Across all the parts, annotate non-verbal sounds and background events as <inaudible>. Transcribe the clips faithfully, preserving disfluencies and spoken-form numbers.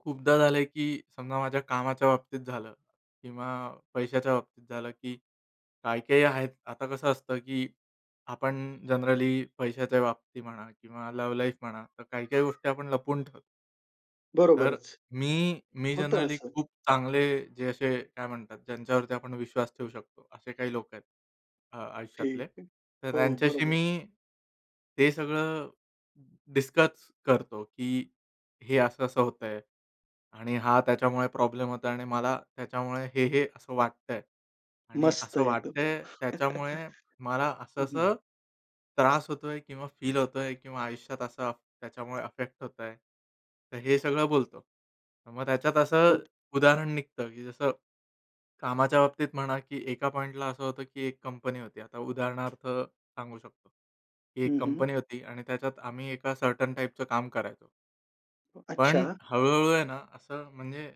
खूपदा झालंय की समजा माझ्या कामाच्या बाबतीत झालं किंवा पैशाच्या बाबतीत झालं की काही-काही आहेत. आता कसं असतं की आपण जनरली पैशाच्या बाबतीत म्हणा किंवा लव्ह लाईफ म्हणा, तर काही-काही गोष्टी आपण लपवून ठेवतो. तर, बरोबरच. मी मी होतं जनरली असं. खूप चांगले, जे असे काय म्हणतात, ज्यांच्यावरती आपण विश्वास ठेवू शकतो, असे काही लोक आहेत, अ ठीक आयुष्यातले. आहे. तर हो, त्यांच्याशी बरोबर. मी ते सगळं डिस्कस करतो की हे असं-असं होतंय आणि हा त्याच्यामुळे प्रॉब्लेम होतोय आणि मला त्याच्यामुळे हे-हे असं वाटतंय आणि मस्त असं एकदम. वाटतंय, त्याच्यामुळे मला <chuckles> हं, हं. असं-असं त्रास होतोय किंवा फील होतोय किंवा आयुष्यात असं त्याच्यामुळे अफेक्ट होतंय. तर हे सगळं बोलतो. तर मग त्याच्यात असं खूप उदाहरण निघतं की जसं, कामाच्या बाबतीत म्हणा की एका पॉइंटला असं होतं की एक कंपनी होती, आता उदाहरणार्थ सांगू शकतो. ही हं, एक हं. कंपनी होती आणि त्याच्यात आम्ही एका सर्टन टाइपचं काम करायचो. पण अच्छा. हळू-हळू आहे ना असं म्हणजे,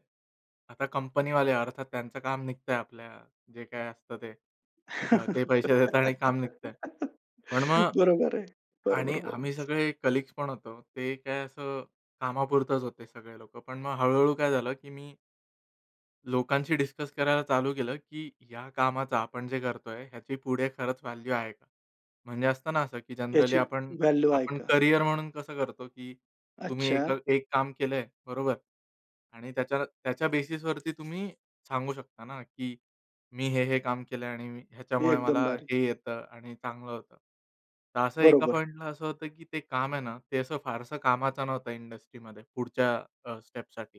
आता कंपनीवाले अर्थात त्यांचं काम निघतंय आपल्या जे काय असतं ते. अ, ते पैसे देतात आणि काम निघतंय. पण <laughs> मग बरोबर आहे. बरोबर आणि आम्ही बोलायच. सगळे कलीग्ज पण होतो. ते काय असं कामापुरतच होते सगळे लोकं. पण मग हळू-हळू काय झालं की मी लोकांशी डिस्कस करायला चालू केलं की या कामाचा, आपण जे करतोय ह्याची पुढे खरंच व्हॅल्यू आहे का? म्हणजे असतं ना असं की जनरली याची आपण व्हॅल्यू आहे आपण का? करियर म्हणून कसं करतो की तुम्ही अच्छा एक अ, एक काम केलंय. बरोबर. आणि त्याच्या त्याच्या बेसिसवरती तुम्ही सांगू शकता ना की मी हे-हे काम केलंय आणि हे ह्याच्यामुळे एकदम मला बारी. हे येतं आणि चांगलं होतं. तर असं एका बरोबर. पॉइंटला असं होतं की ते काम आहे ना ते असं फारसं कामाचं नव्हतं इंडस्ट्रीमध्ये पुढच्या अ, स्टेप्ससाठी.